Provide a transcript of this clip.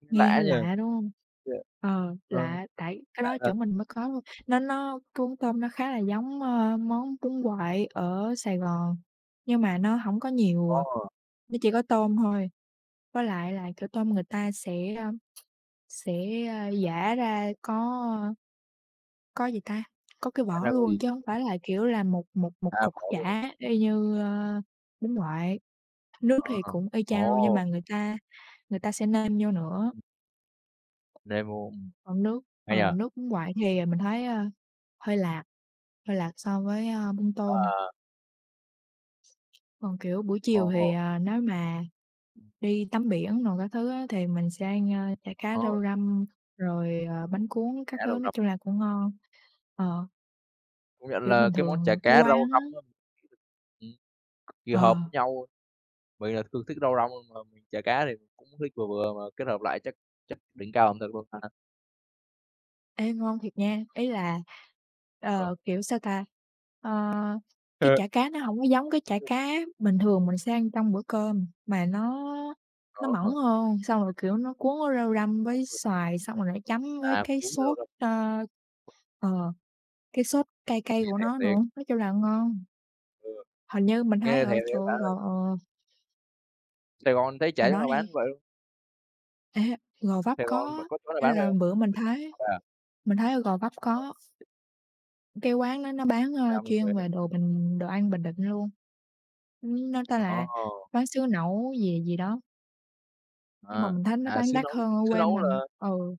Nghe Nghe lạ hơi nhỉ? lạ, đúng hông? Thế à? Ờ, Ờ, lạ, tại cái lạ đó thật. chỗ mình mới có thôi, nó nó cái bún tôm nó khá là giống, ơ, món bún quậy ở Sài Gòn, nhưng mà nó hổng có nhiều, à, Ồ! nó chỉ có tôm thôi. Với lại là, kiểu, tôm người ta sẽ, a, sẽ, a, giã ra có có gì ta, có cái Giã ra vỏ có gì? luôn chứ hổng Ừ. phải là, kiểu là, một một một À, cục có luôn. chả y Ừm. như, ơ, bún quậy, nước Ờ, thì cũng y chang luôn nhưng ồ! mà người ta người ta sẽ nêm vô nữa. Nêm vô, ừm. Còn nước Hay nhỉ? ờ, nước bún quậy thì, à, mình thấy, a, hơi lạt hơi lạt so với, a, bún tôm. Ờ. Còn, kiểu, buổi chiều thì, Ồ! ờ, nếu mà đi tắm biển đồ các thứ á, thì mình sẽ ăn, a, chả cá Ờ. rau răm, rồi, ờ, bánh cuốn Chả các thứ, rau nói răm. chung là cũng ngon, ờ. Công nhận Kiểu là bình cái món thường chả ở cái cá rau quán răm á. á, ừm, cực kỳ với hợp Ờ. nhau. Mình là thường thích rau răm hơn mà chả cá thì cũng thích vừa vừa, mà kết hợp lại chắc chắc đỉnh cao ẩm thực luôn ha. Ê, ngon thiệt nha, ý là, Ừ. ờ, kiểu, sao ta, ơ, cái H chả cá nó hổng có giống cái chả cá bình thường mình sẽ ăn trong bữa cơm mà nó nó Có mỏng ha. hơn, xong rồi, kiểu, nó cuốn với rau răm với xoài xong rồi lại chấm với À, cái cuốn rau sốt, răm. a, ờ, cái sốt cay cay Nghe của thèm nó nữa, thiệt. nói chung là ngon. Ừ. Hình như mình thấy Nghe ở thèm thiệt chỗ bạn ơi. gò, ờ Sài Gòn thấy chả Bạn chổ nói nào bán đi. vậy luôn? Ê, Gò Vấp Sài Gòn vẫn có, có chỗ nào ý bán phải là hông? bữa mình thấy Vậy à. mình thấy ở Gò Vấp Ờ có. ha. Cái quán nó nó bán, ơ, Xa mình chuyên thế. về đồ Bình đồ ăn Bình Định luôn. Ưm, nó tên là Ồ! Quán xứ Nẫu gì gì đó. Nhưng mà À, mình thấy nó à, bán xứ đắt Nẫu. hơn ở Xứ quê Nẫu mình, là ừ.